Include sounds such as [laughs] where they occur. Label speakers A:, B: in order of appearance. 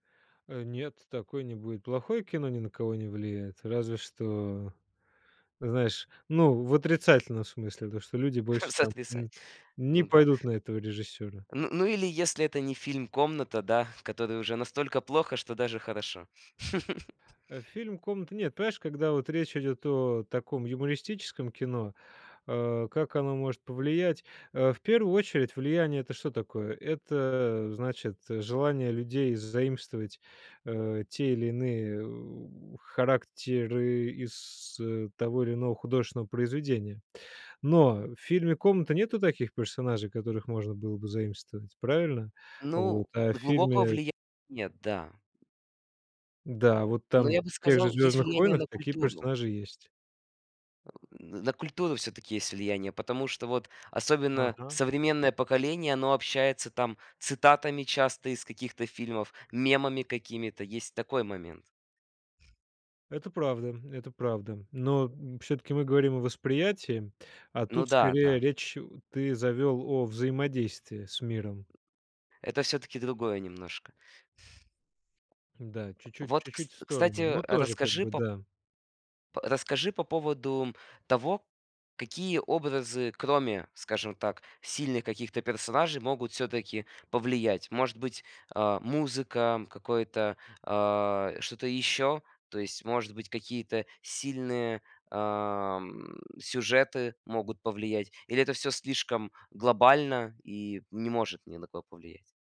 A: Э, нет, такое не будет. Плохое кино ни на кого не влияет. Разве что, знаешь, ну, в отрицательном смысле. То, что люди больше там,
B: Сотрясать.
A: м, не
B: Ну да.
A: пойдут на этого режиссёра.
B: Н ну, или если это не фильм "Комната", да, в которой уже настолько плохо, что даже хорошо. [laughs]
A: Э, фильм "Комната" Нет, понимаешь, когда вот речь идёт о таком юмористическом кино, а, как оно может повлиять? А, в первую очередь, влияние- это что такое? Это, значит, желание людей заимствовать, э, те или иные, у характеры из, э, того или иного художественного произведения. Но в фильме "Комната" нету таких персонажей, которых можно было бы заимствовать, правильно? Вот,
B: Ну,
A: а в
B: глубокого
A: фильме
B: влияния нет, да.
A: Да, вот
B: Но
A: там
B: я бы
A: в тех же
B: сказал, есть
A: "Звездных
B: влияние
A: войнах"
B: на
A: такие
B: культуру.
A: персонажи есть.
B: Э, н на культуру всё-таки есть влияние, потому что вот особенно
A: Ага.
B: современное поколение, оно общается там цитатами часто из каких-то фильмов, мемами какими-то. Есть такой момент.
A: Это правда, м, это правда. Но, м, всё-таки мы говорим о восприятии, а
B: Ну
A: тут
B: да,
A: скорее
B: да.
A: речь ты завёл о взаимодействии с миром.
B: Это всё-таки другое немножко.
A: Да, чуть-чуть
B: Вот, кс
A: чуть-чуть в сторону,
B: кстати,
A: но тоже, как
B: расскажи
A: бы,
B: по
A: да.
B: по расскажи по поводу того, какие образы, кроме, скажем так, сильных каких-то персонажей могут всё-таки повлиять? Может быть, э, музыка, какое-то, а, что-то еще, то есть, может быть, какие-то сильные, а, м, сюжеты могут повлиять или это всё слишком глобально и не может ни на кого повлиять.